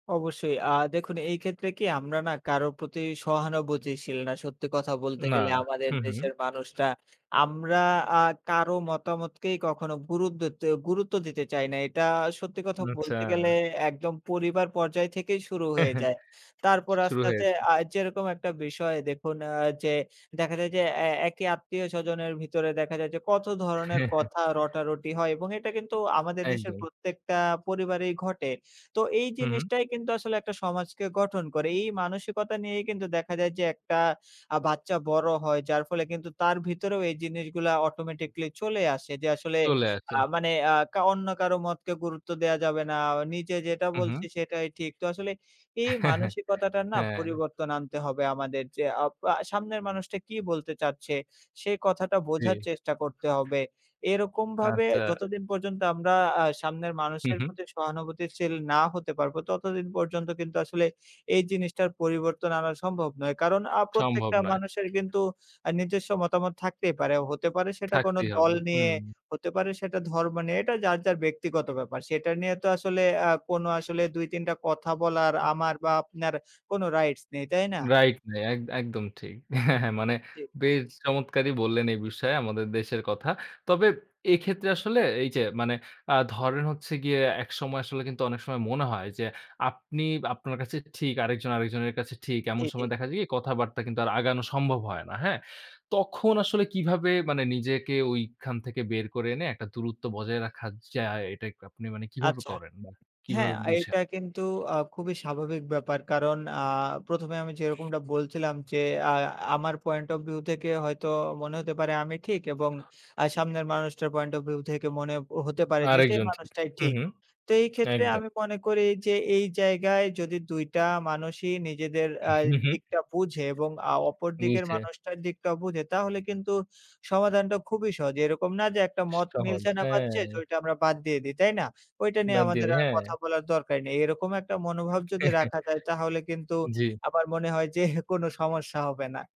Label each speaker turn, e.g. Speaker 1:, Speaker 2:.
Speaker 1: অবশ্যই আ দেখুন এইক্ষেত্রে কি আমরা না কারো প্রতি সহানুভূতিশীল না সত্যি কথা বলতে
Speaker 2: না।
Speaker 1: গেলে। আমাদের
Speaker 2: হুম,
Speaker 1: দেশের
Speaker 2: হুম।
Speaker 1: মানুষরা আমরা আ কারো মতামতকেই কখনো গুরুদেত্তে গুরুত্ব দিতে চাই না। এটা সত্যি কথা
Speaker 2: উম আচ্ছা।
Speaker 1: বলতে গেলে একদম পরিবার পর্যায় থেকেই শুরু হয়ে
Speaker 2: শ
Speaker 1: যায়। তারপর
Speaker 2: শুরু
Speaker 1: আস্তে, আস্তে
Speaker 2: হয়েছে।
Speaker 1: আ যেরকম একটা বিষয় দেখুন আ যে দেখা যায় যে অ্যা একই আত্মীয়স্বজনের ভিতরে দেখা যায় যে কত ধরণের কথা রটারটি হয় এবং এটা কিন্তু আমাদের দেশের
Speaker 2: একদম।
Speaker 1: প্রত্যেকটা পরিবারেই ঘটে। তো এই
Speaker 2: হু, হু।
Speaker 1: জিনিসটাই কিন্তু আসলে একটা সমাজকে গঠন করে। এই মানসিকতা নিয়েই কিন্তু দেখা যায় যে একটা আ বাচ্চা বড় হয়, যার ফলে কিন্তু তার ভিতরেও এই জিনিসগুলা automatically চলে আসে। যে আসলে
Speaker 2: চলে আসে।
Speaker 1: আ মানে আ কা অন্য কারো মতকে গুরুত্ব দেয়া যাবে না। নিজে যেটা বলছি
Speaker 2: উহু।
Speaker 1: সেটাই ঠিক। তো আসলে এই মানসিকতাটার না
Speaker 2: হ্যাঁ।
Speaker 1: পরিবর্তন আনতে হবে আমাদের যে আ পা সামনের মানুষটা কি বলতে চাচ্ছে? সেই কথাটা
Speaker 2: জি।
Speaker 1: বোঝার চেষ্টা করতে হবে। এরকম ভাবে
Speaker 2: আচ্ছা।
Speaker 1: যতদিন পর্যন্ত আমরা আ সামনের
Speaker 2: হু,
Speaker 1: মানুষের
Speaker 2: হু।
Speaker 1: প্রতি সহানুভূতিশীল না হতে পারবো ততদিন পর্যন্ত কিন্তু আসলে এই জিনিসটার পরিবর্তন আনা সম্ভব নয়। কারন আ
Speaker 2: সম্ভব
Speaker 1: প্রত্যেকটা
Speaker 2: নয়।
Speaker 1: মানুষের কিন্তু আ নিজস্ব মতামত থাকতেই পারে। হতে পারে সেটা কোনো
Speaker 2: থাকতেই
Speaker 1: দল
Speaker 2: হবে।
Speaker 1: নিয়ে,
Speaker 2: হুম।
Speaker 1: হতে পারে সেটা ধর্ম নিয়ে। এটা যার, যার ব্যক্তিগত ব্যাপার। সেটা নিয়ে তো আসলে আ কোনো আসলে ২-৩ টা কথা বলার, আমার বা আপনার কোনো রাইটস নেই। তাই না?
Speaker 2: রাইট নাই এক একদম ঠিক। হ্যাঁ, হ্যাঁ মানে
Speaker 1: জি।
Speaker 2: বেশ চমৎকারই বললেন এই বিষয়ে আমাদের দেশের কথা। তবে এইক্ষেত্রে আসলে এই যে মানে আ ধরেন হচ্ছে গিয়ে একসময় আসলে কিন্তু অনেক সময় মনে হয়, যে আপনি আপনার কাছে ঠিক, আরেকজন আরেকজনের কাছে ঠিক,
Speaker 1: জি,
Speaker 2: এমন
Speaker 1: জি।
Speaker 2: সময় দেখা যায় কি কথাবার্তা কিন্তু আর আগানো সম্ভব হয় না। হ্যাঁ? তখন আসলে কিভাবে মানে নিজেকে ওইখান থেকে বের করে এনে একটা দূরত্ব বজায় রাখা যায়, এটা এক আপনি মানে কীভাবে
Speaker 1: আচ্ছা।
Speaker 2: করেন? মানে
Speaker 1: হ্যাঁ,
Speaker 2: কিভাবে
Speaker 1: আ
Speaker 2: বুঝেন?
Speaker 1: এটা কিন্তু আ খুবই স্বাভাবিক ব্যাপার। কারণ আ ১ম, এ আমি যেরকমটা বলছিলাম যে আ আমার point of view থেকে হয়তো মনে হতে পারে আমি ঠিক এবং আ সামনের মানুষটার point of view থেকে মনে হতে পারে যে সেই
Speaker 2: আরেকজন ঠিক।
Speaker 1: মানুষটাই
Speaker 2: হুম,
Speaker 1: ঠিক।
Speaker 2: হুম।
Speaker 1: তো এইক্ষেত্রে
Speaker 2: একদম।
Speaker 1: আমি মনে করি যে এই জায়গায় যদি ২ টা মানুষই নিজেদের
Speaker 2: উ
Speaker 1: আ
Speaker 2: হু, হু।
Speaker 1: দিকটা বুঝে এবং আ অপরদিকের
Speaker 2: বুঝে।
Speaker 1: মানুষটার দিকটা বুঝে তাহলে কিন্তু সমাধানটা খুবই সহজ। এরকম না যে একটা মত
Speaker 2: সহজ
Speaker 1: মিলছে না পাচ্ছে
Speaker 2: হ্যাঁ।
Speaker 1: ঐটা আমরা বাদ দিয়ে দেই। তাই না? ঐটা নিয়ে
Speaker 2: বাদ দিয়ে
Speaker 1: আমাদের
Speaker 2: দিই,
Speaker 1: আর
Speaker 2: হ্যাঁ।
Speaker 1: কথা বলার দরকার নেই। এরকম একটা মনোভাব যদি রাখা যায় তাহলে কিন্তু
Speaker 2: জি।
Speaker 1: আমার মনে হয় যে কোন সমস্যা হবে না।